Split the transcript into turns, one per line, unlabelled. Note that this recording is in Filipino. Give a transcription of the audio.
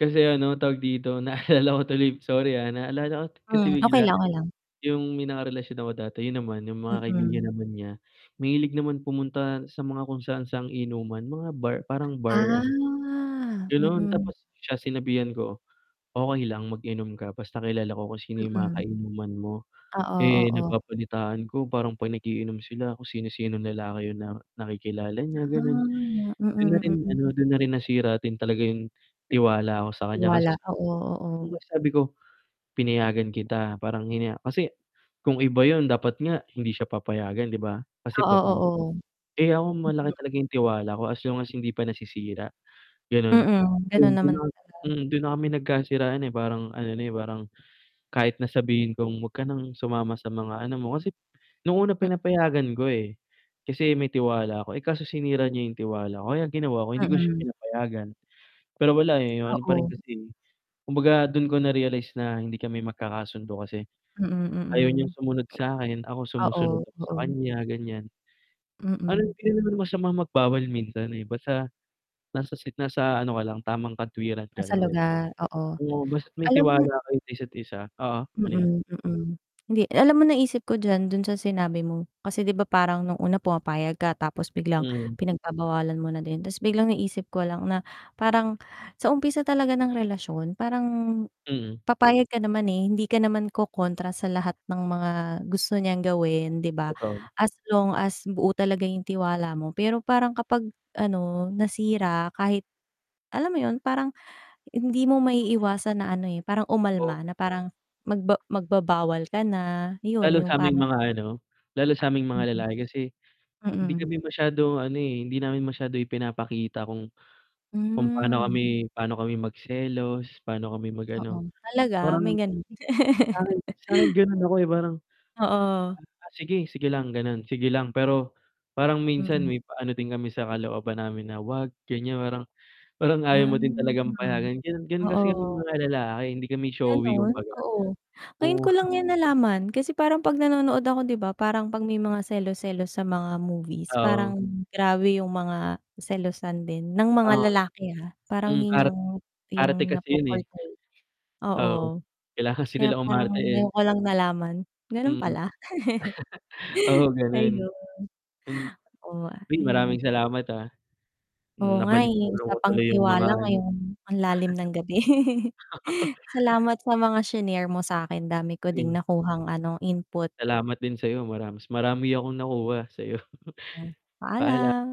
Kasi ano, tawag dito, naalala ko tuloy, sorry, ah, naalala ko kasi
Hmm. Okey
bigla,
lang, okey lang.
'yong may nakarelasyon ako dati. 'Yon naman, 'yong mga kaibigan
Mm.
naman niya, mahilig naman pumunta sa mga kung saan-saang inuman, mga bar, parang bar
Ah,
ano gano'n.
mm.
Tapos, siya sinabihan ko, "Okey lang, mag-inom ka basta kilala ko kung sino 'yong mga
Mm.
kainuman mo."
Oo,
Eh,
oo.
nababalitaan ko parang 'pag nag-iinom sila, kung sino-sinong lalaki 'yong na nakikilala niya, gano'n.
Ah.
Do'n na rin
Mm,
ano,
mm.
do'n na rin nasira din talaga 'yong, tiwala ko sa kaniya. Kasi
Tiwala.
sa
Oo, oo.
'di ba, sabi ko, "Pinayagan kita," parang hinaya kasi, kung iba 'yon dapat nga hindi siya papayagan, 'di ba, kasi,
Oo,
babae.
oo.
Eh, ako
Mm.
malaki talaga 'yong tiwala ko, as long as, hindi pa nasisira, gano'n.
Mm.
'Yon,
Gano'n
do'n
naman
na
talaga.
mm, do'n na kami nagkasiraan, eh, parang ano na, eh, parang, kahit na sabihin kong huwag ka ng sumama sa mga ano mo, kasi, no'ng una
M
pinapayagan ko, eh, kasi may tiwala ako. Eh, kaso sinira niya 'yong tiwala ko. Kaya ang ginawa ko, hindi ko na siya
Mm.
pinapayagan. Pero wala, eh, 'yong ano pa rin
Oo.
kasi kumbaga, do'n ko na-realize na hindi kami magkakasundo, kasi,
Mm,
ayaw niyang
mm.
sumunod sa'kin. Ako, sumusunod
Oo,
ako sa
oo.
kaniya, ganiyan. Parang
Mm.
hindi naman masamang magbawal minsan, eh, basta, nasa sit nasa ano ka lang, tamang katwiran ka
Nasa
lang, 'di ba.
lugar, oo.
Oo, basta may
Alam mo
tiwala
na
kayo isa't isa oo, ano 'yon?
mm, mm, hindi, alam mo naisip ko diyan, do'n sa sinabi mo. Kasi, 'di ba, parang no'ng una pumapayag ka, tapos biglang
Mhm.
pinagbabawalan mo na din. Tapos biglang naisip ko lang na, parang, sa umpisa talaga ng relasyon, parang,
Mm.
papayag ka naman, eh, hindi ka naman kokontra sa lahat ng mga gusto niyang gawin, 'di ba,
Totoo.
as long as, buo talaga 'yong tiwala mo. Pero, parang kapag, ano, nasira, kahit alam mo 'yon, parang, hindi mo
Hindi mo maiiwa
maiiwasan na ano, eh, parang
Oh.
umalma, na parang, magba magbabawal ka na, 'yon,
Lalo
'yong
sa aming
parang
mga ano, lalo sa aming mga
Mm.
lalaki. Kasi, hindi
Mm.
kami masyadong ano, eh, hindi namin masyadong ipinapakita kung, kung paano
Hmm.
kami paano kami magselos, paano kami
Oo.
mag-ano.
Talaga? May
Parang,
gano'n.
sa'kin sa'kin gano'n ako, eh, parang,
Oo.
"Ah, sige, sige lang, gano'n. Sige lang." Pero, parang minsan
Mm.
may pa-ano din kami sa kalooban namin na, "Huwag," ganiyan, parang parang ayaw
Ah,
mo din talagang payagan, gano'n. Gano'n kasi kaming
oo.
mga lalaki, hindi kami showy,
Gano'n?
kumbaga.
Oo. Ngayon
Oo.
ko lang 'yan nalaman. Kasi, parang 'pag nanonood ako, 'di ba, parang, 'pag may mga selos-selos sa mga movies,
Oo.
parang, grabe 'yong mga selosan din, ng mga
Oo.
lalaki, ha. Parang
Hmm,
'yon
ar
'yong 'yong
arte kasi 'yon, eh.
napo-portray,
Oo.
oo.
Kailangan kasi
Kaya,
nilang
parang
umarte, eh.
ngayon ko lang nalaman, gano'n
Mm.
pala.
Oo, gano'n.
Ayun.
M
Oh, a
Uy,
ayan.
maraming salamat, ah.
Oo nga, eh.
Nabalik-tanaw ko
Usapang
tuloy 'yong mga
tiwala,
ano.
ngayong ang lalim ng gabi. Salamat sa mga shinare mo sa'kin. Dami ko ding
Ayun.
nakuhang ano, input.
Salamat din sa'yo. Mara mas marami akong nakuha, sa'yo.
Yan,
Paalam.
paalam.